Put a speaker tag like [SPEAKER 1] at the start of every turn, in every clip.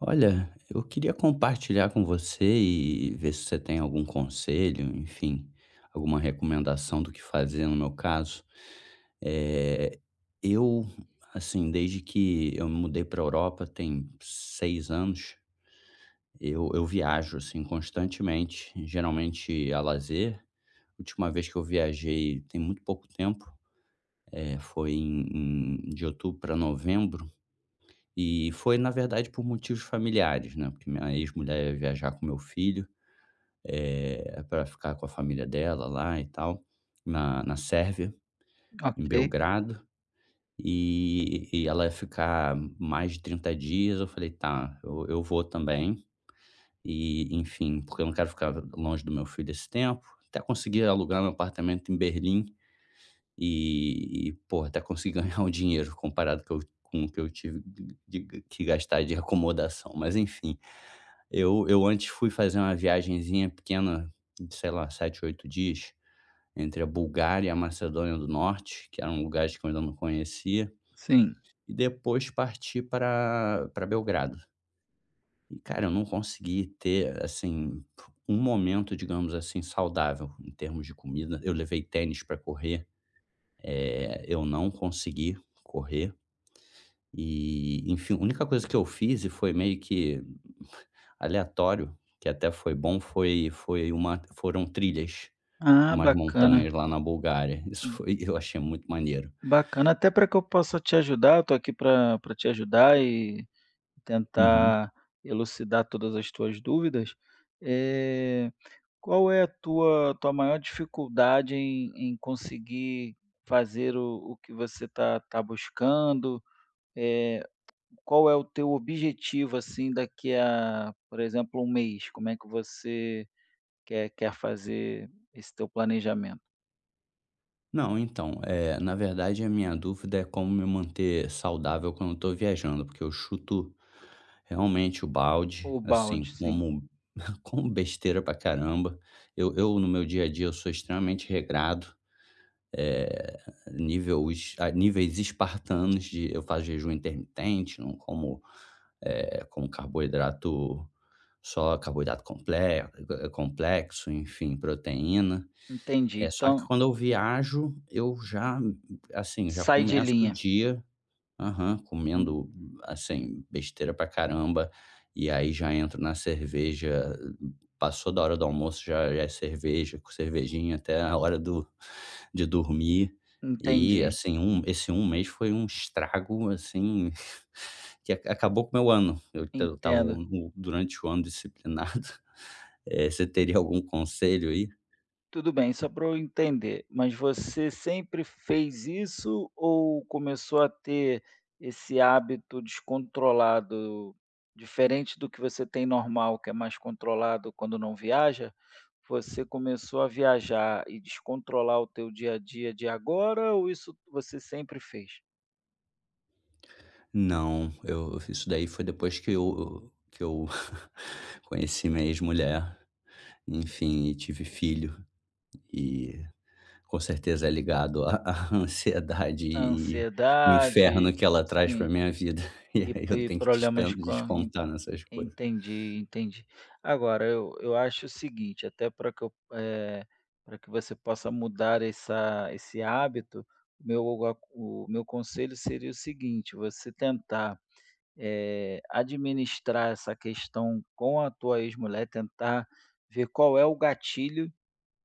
[SPEAKER 1] Olha eu queria compartilhar com você e e ver se você tem algum conselho, enfim. Alguma recomendação do que fazer no meu caso, eh, eu assim desde que eu me mudei para a Europa tem seis anos, eu eu viajo, assim, constantemente, geralmente a lazer, última vez que eu viajei tem muito pouco tempo, eh, foi em em de outubro para novembro, e foi na verdade por motivos familiares, né, porque minha ex-mulher ia viajar com o meu filho, eh, para ficar com a família dela lá e tal, na na Sérvia, em
[SPEAKER 2] Ok.
[SPEAKER 1] Belgrado. E e ela ia ficar mais de 30 dias, eu falei: "Tá eu eu vou também". E enfim, porque eu não quero ficar longe do meu filho esse tempo, até consegui alugar meu apartamento em Berlim. E e pô até consegui ganhar um dinheiro comparado com o com o que eu tive de de que gastar de acomodação, mas enfim. Eu eu antes fui fazer uma viagemzinha pequena ,sei lá, 7, 8 dias entre a Bulgária e a Macedônia do Norte, que eram lugares que eu ainda não conhecia,
[SPEAKER 2] Sim.
[SPEAKER 1] e depois partir para para Belgrado. E cara eu não consegui ter, assim, um momento digamos assim saudável em termos de comida, eu levei tênis para correr, eh eu não consegui correr. E enfim a única coisa que eu fiz foi meio que aleatório, que até foi bom foi foi uma foram trilhas
[SPEAKER 2] Ah,
[SPEAKER 1] umas
[SPEAKER 2] bacana.
[SPEAKER 1] montanhas lá na Bulgária. Isso
[SPEAKER 2] Hum.
[SPEAKER 1] foi eu achei muito maneiro
[SPEAKER 2] Bacana, até para que eu possa te ajudar, eu estou aqui para para te ajudar e e
[SPEAKER 1] Uhum.
[SPEAKER 2] tentar elucidar todas as tuas dúvidas. É, qual é a tua tua maior dificuldade em em conseguir fazer o o que você está está buscando? É, qual é o teu objetivo assim daqui a por exemplo 1 mês? Como é que você quer quer fazer esse teu planejamento?
[SPEAKER 1] Não, então, eh, na verdade a minha dúvida é como me manter saudável quando eu tô viajando? Porque eu chuto, realmente, o balde,
[SPEAKER 2] O
[SPEAKER 1] assim,
[SPEAKER 2] balde, sim.
[SPEAKER 1] como como besteira pra caramba. Eu eu no meu dia a dia, eu sou extremamente regrado, eh, nível es a níveis espartanos de eu faço jejum intermitente não como eh, como carboidrato, só carboidrato comple complexo, enfim, proteína,
[SPEAKER 2] Entendi.
[SPEAKER 1] eh, só que
[SPEAKER 2] Então
[SPEAKER 1] quando eu viajo, eu já assim, já
[SPEAKER 2] Sai de
[SPEAKER 1] começo o
[SPEAKER 2] linha.
[SPEAKER 1] dia aham,
[SPEAKER 2] En
[SPEAKER 1] comendo, assim, besteira pra caramba. E, aí, já entro na cerveja, passou da hora do almoço, já já é cerveja, cervejinha, até a hora do de dormir e,
[SPEAKER 2] Entendi.
[SPEAKER 1] assim, um esse um mês foi um estrago, assim, que ac acabou com meu ano, eu eu estava,
[SPEAKER 2] Entendo.
[SPEAKER 1] durante o ano, disciplinado, eh, você teria algum conselho, aí?
[SPEAKER 2] Tudo bem. Só pra eu entender, mas você sempre fez isso ou começou a ter esse hábito descontrolado diferente do que você tem normal que é mais controlado quando não viaja? Você começou a viajar e descontrolar o teu dia a dia de agora? Ou isso você sempre fez?
[SPEAKER 1] Não, eu eu fiz isso daí foi depois que eu que eu conheci minha ex-mulher e enfim, e tive filho e com certeza é ligado a a ansiedade e e e o inferno
[SPEAKER 2] Ansiedade,
[SPEAKER 1] que ela traz pra
[SPEAKER 2] sim.
[SPEAKER 1] minha vida, e
[SPEAKER 2] E
[SPEAKER 1] aí eu
[SPEAKER 2] e
[SPEAKER 1] tenho que te dispen
[SPEAKER 2] problemas com en
[SPEAKER 1] descontar nessas coisas.
[SPEAKER 2] entendi entendi. Agora, eu eu acho o seguinte, até para que eu, eh, para que você possa mudar essa esse hábito, o meu o o a o meu conselho seria o seguinte, você tentar, eh, administrar essa questão com a tua ex-mulher, tentar ver qual é o gatilho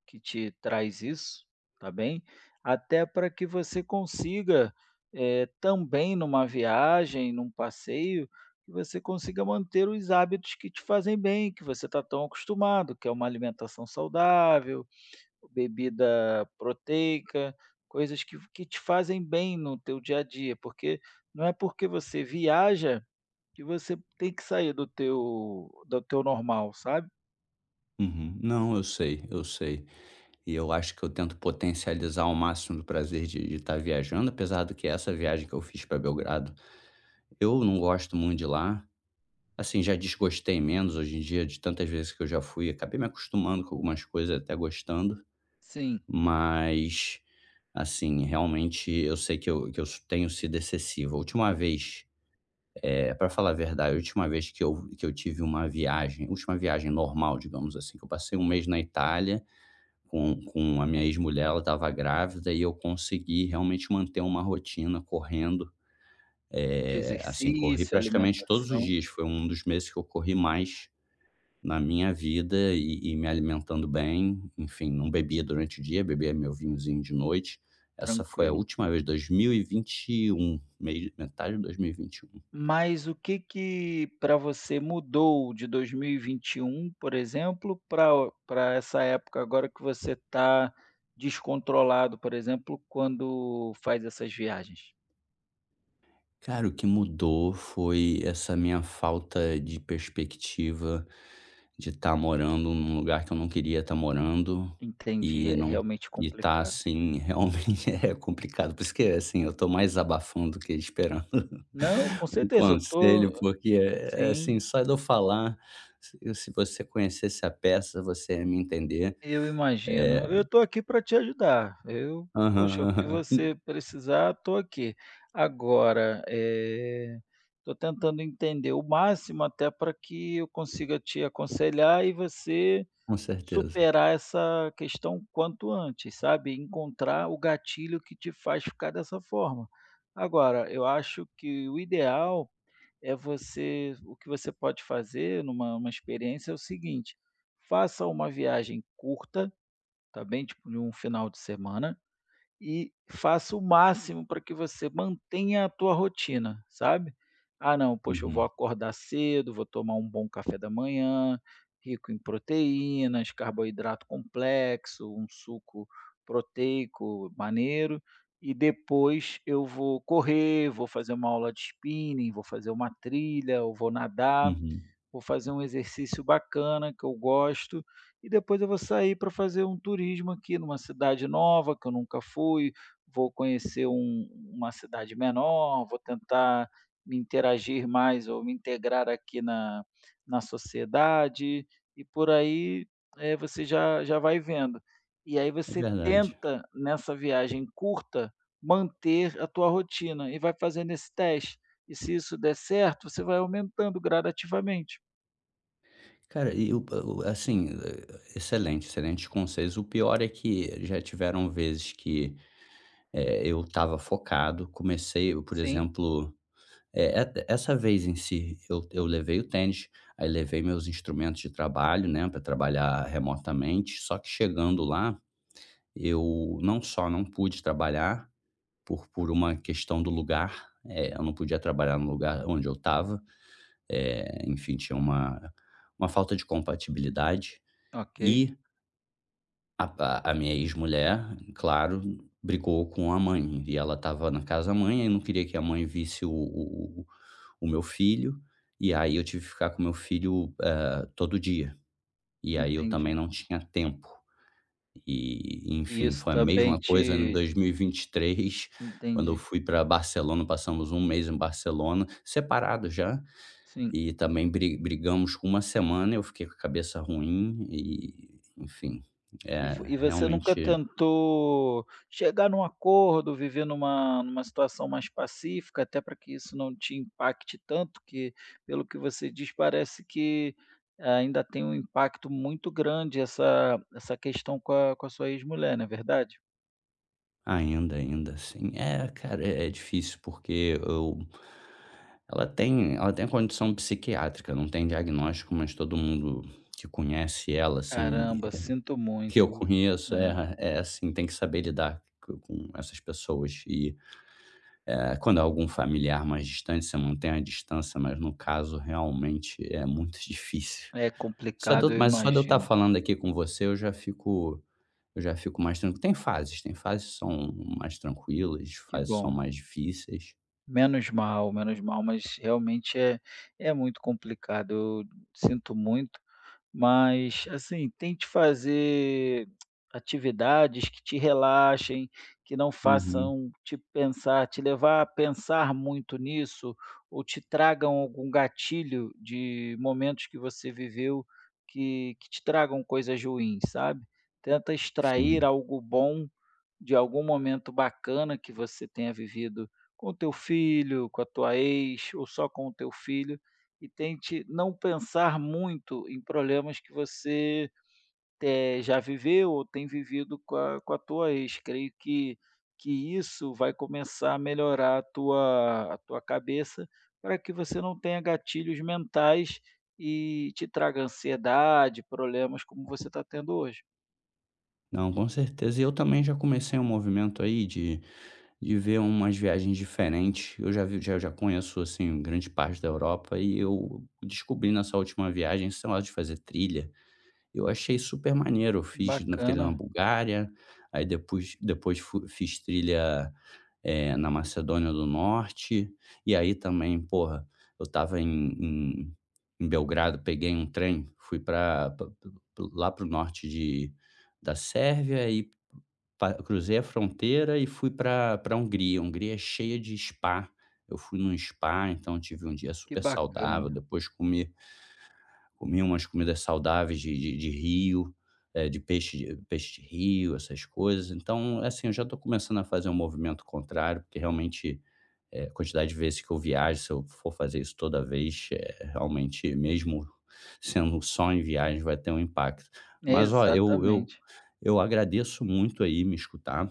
[SPEAKER 2] que te traz isso, tá bem. Até pra que você consiga, eh, também numa viagem, num passeio, que você consiga manter os hábitos que te fazem bem, que você está tão acostumado, que é uma alimentação saudável, bebida proteica, coisas que que te fazem bem no teu dia a dia porque não é porque você viaja que você tem que sair do teu do teu normal, sabe.
[SPEAKER 1] Uhum. Não, eu sei, eu sei. E eu acho que eu tento potencializar o máximo do prazer de de estar viajando, apesar do que essa viagem que eu fiz para Belgrado, eu não gosto muito de lá, assim, já desgostei menos, hoje em dia, de tantas vezes que eu já fui, acabei me acostumando com algumas coisas até gostando.
[SPEAKER 2] Sim.
[SPEAKER 1] Mas, assim, realmente, eu sei que eu que eu tenho sido excessivo, a última vez eh, pra falar a verdade, eu tive uma vez que eu que eu tive uma viagem última viagem normal, digamos assim, que eu passei 1 mês na Itália com com a minha ex-mulher, ela estava grávida, e eu consegui, realmente, manter uma rotina correndo.
[SPEAKER 2] De
[SPEAKER 1] Eh, assim, corri,
[SPEAKER 2] exercício,
[SPEAKER 1] praticamente, todos os
[SPEAKER 2] alimentação.
[SPEAKER 1] dias, foi um dos meses que eu corri mais na minha vida e e me alimentando bem, enfim, não bebia durante o dia, bebia meu vinhozinho de noite. Essa foi a
[SPEAKER 2] Tranquilo.
[SPEAKER 1] última vez, 2021 mei metade de 2021.
[SPEAKER 2] Mas o que que pra você mudou de 2021, por exemplo, pra o pra essa época agora que você tá descontrolado, por exemplo, quando faz essas viagens?
[SPEAKER 1] Cara, o que mudou foi essa minha falta de perspectiva de estar morando num lugar que eu não queria estar morando
[SPEAKER 2] Entendi,
[SPEAKER 1] e
[SPEAKER 2] é,
[SPEAKER 1] não
[SPEAKER 2] realmente,
[SPEAKER 1] e tá,
[SPEAKER 2] complicado.
[SPEAKER 1] assim, realmente, é complicado, porque, assim, eu tô mais desabafando do que esperando
[SPEAKER 2] Não, com
[SPEAKER 1] um
[SPEAKER 2] certeza, eu tô
[SPEAKER 1] conselho. Porque, é
[SPEAKER 2] sim.
[SPEAKER 1] assim, só de eu falar se você conhecesse a peça, você ia me entender,
[SPEAKER 2] Eu imagino.
[SPEAKER 1] é
[SPEAKER 2] Eu tô aqui pra te ajudar, eu
[SPEAKER 1] Aham,
[SPEAKER 2] poxa, o que
[SPEAKER 1] aham. En
[SPEAKER 2] você precisar, tô aqui. Agora, eh, tô tentando entender o máximo, até pra que eu consiga te aconselhar e você
[SPEAKER 1] Com certeza.
[SPEAKER 2] superar essa questão o quanto antes, sabe. Encontrar o gatilho que te faz ficar dessa forma. Agora eu acho que o ideal é você o que você pode fazer numa uma experiência é o seguinte, faça uma viagem curta, tá bem, tipo, num final de semana e faça o máximo pra que você mantenha a tua rotina, sabe: "Ah, não, poxa, eu vou
[SPEAKER 1] Uhum.
[SPEAKER 2] acordar cedo, vou tomar um bom café da manhã, rico em proteínas, carboidrato complexo, um suco proteico maneiro e depois, eu vou correr, vou fazer uma aula de spinning, vou fazer uma trilha ou vou nadar.
[SPEAKER 1] Uhum.
[SPEAKER 2] Vou fazer um exercício bacana que eu gosto. E depois eu vou sair pra fazer um turismo aqui numa cidade nova, que eu nunca fui. Vou conhecer um uma cidade menor, vou tentar me interagir mais ou me integrar aqui na na sociedade", e por aí, eh, você já já vai vendo. E aí
[SPEAKER 1] É
[SPEAKER 2] você
[SPEAKER 1] verdade.
[SPEAKER 2] tenta, nessa viagem curta, manter a tua rotina e vai fazendo esse teste. E se isso der certo, você vai aumentando gradativamente.
[SPEAKER 1] Cara, e o pa o assim, eh, excelente, excelente conselhos, o pior é que já tiveram vezes que, eh, eu estava focado comecei, por
[SPEAKER 2] Sim.
[SPEAKER 1] exemplo, é é essa vez em si, eu eu levei o tênis, aí levei meus instrumentos de trabalho, né, pra trabalhar remotamente só que chegando lá, eu não só não pude trabalhar, por por uma questão do lugar, eh, eu não podia trabalhar no lugar onde eu estava, eh, enfim tinha uma uma falta de compatibilidade
[SPEAKER 2] Ok.
[SPEAKER 1] e a pa a minha ex mulher, claro, brigou com a mãe e ela estava na casa da mãe e não queria que a mãe visse o o o o meu filho. E aí, eu tive que ficar com o meu filho, eh, todo dia. E aí, eu também
[SPEAKER 2] Entendi.
[SPEAKER 1] não tinha tempo. E
[SPEAKER 2] E
[SPEAKER 1] enfim
[SPEAKER 2] isso
[SPEAKER 1] foi a
[SPEAKER 2] também
[SPEAKER 1] mesma coisa em
[SPEAKER 2] te
[SPEAKER 1] 2023 quando eu
[SPEAKER 2] Entendi.
[SPEAKER 1] fui pra Barcelona, passamos 1 mês em Barcelona, separado já.
[SPEAKER 2] Sim.
[SPEAKER 1] E também bri brigamos 1 semana eu fiquei com a cabeça ruim e enfim,
[SPEAKER 2] E
[SPEAKER 1] eh,
[SPEAKER 2] vo e você nunca
[SPEAKER 1] realmente
[SPEAKER 2] tentou chegar em um acordo, viver em uma em uma situação mais pacífica até para que isso não te impacte tanto, que pelo que você diz, parece que ainda tem um impacto muito grande essa essa questão com a com a sua ex mulher, não é verdade?
[SPEAKER 1] Ainda, ainda sim. É, cara é é difícil porque e eu Ela tem ela tem condição psiquiátrica, não tem diagnóstico, mas todo mundo que conhece ela assim,
[SPEAKER 2] Caramba,
[SPEAKER 1] eh,
[SPEAKER 2] sinto
[SPEAKER 1] que eu
[SPEAKER 2] muito,
[SPEAKER 1] conheço
[SPEAKER 2] é.
[SPEAKER 1] é, é assim tem que saber lidar com com essas pessoas e, eh, quando é algum familiar mais distante você mantém a distância, mas no caso realmente é muito difícil.
[SPEAKER 2] É
[SPEAKER 1] Só de
[SPEAKER 2] complicado,
[SPEAKER 1] eu
[SPEAKER 2] eu
[SPEAKER 1] mas só de eu estar
[SPEAKER 2] imagino.
[SPEAKER 1] falando aqui com você eu já fico, eu já fico mais tranquilo. Tem fases, tem fases são mais tranquilas,
[SPEAKER 2] Que
[SPEAKER 1] fases são
[SPEAKER 2] bom.
[SPEAKER 1] mais difíceis.
[SPEAKER 2] Menos mal, menos mal. Mas realmente é é muito complicado. Eu sinto muito, mas assim tente fazer atividades que te relaxem que não
[SPEAKER 1] Uhum.
[SPEAKER 2] façam te pensar, te levar a pensar muito nisso ou te tragam algum gatilho de momentos que você viveu, que que te tragam coisas ruins, sabe. Tenta extrair
[SPEAKER 1] Sim.
[SPEAKER 2] algo bom de algum momento bacana que você tenha vivido com o teu filho, com a tua ex ou só com o teu filho e tente não pensar muito em problemas que você te já viveu ou tem vivido com a com a tua ex. Creio que que isso vai começar a melhorar a tua a tua cabeça para que você não tenha gatilhos mentais e te traga ansiedade, problemas como você está tendo hoje.
[SPEAKER 1] Não, com certeza e eu também já comecei um movimento aí de de ver umas viagens diferentes. Eu já vi já já conheço assim grande parte da Europa e eu descobri nessa última viagem esse negócio de fazer trilha e eu achei super maneiro, eu fiz uma trilha na
[SPEAKER 2] Bacana.
[SPEAKER 1] Bulgária, aí depois f depois fui fiz trilha, eh, na Macedônia do Norte e aí também, porra. Eu estava em em em Belgrado peguei um trem fui para pa pa pa lá para o norte de da Sérvia e pa cruzei a fronteira e fui para para Hungria Hungria é cheia de spa. Eu fui num spa, então tive um dia
[SPEAKER 2] Que
[SPEAKER 1] super saudável
[SPEAKER 2] bacana.
[SPEAKER 1] depois comi comi umas comidas saudáveis de de de rio, eh, de peixe peixe de rio essas coisas. Então, assim, eu já tô começando a fazer um movimento contrário, porque realmente, eh, quantidade de vezes que eu viajo se eu for fazer isso toda vez, eh, realmente mesmo sendo só em viagem, vai ter um impacto. Mas olha, eu eu
[SPEAKER 2] Exatamente.
[SPEAKER 1] eu agradeço muito aí me escutar.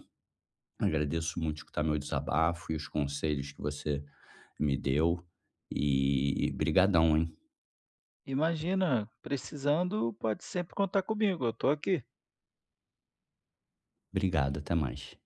[SPEAKER 1] Agradeço muito escutar meu desabafo e os conselhos que você me deu e obrigadão, hein.
[SPEAKER 2] Imagina, precisando pode sempre contar comigo, eu estou aqui.
[SPEAKER 1] Obrigado, até mais.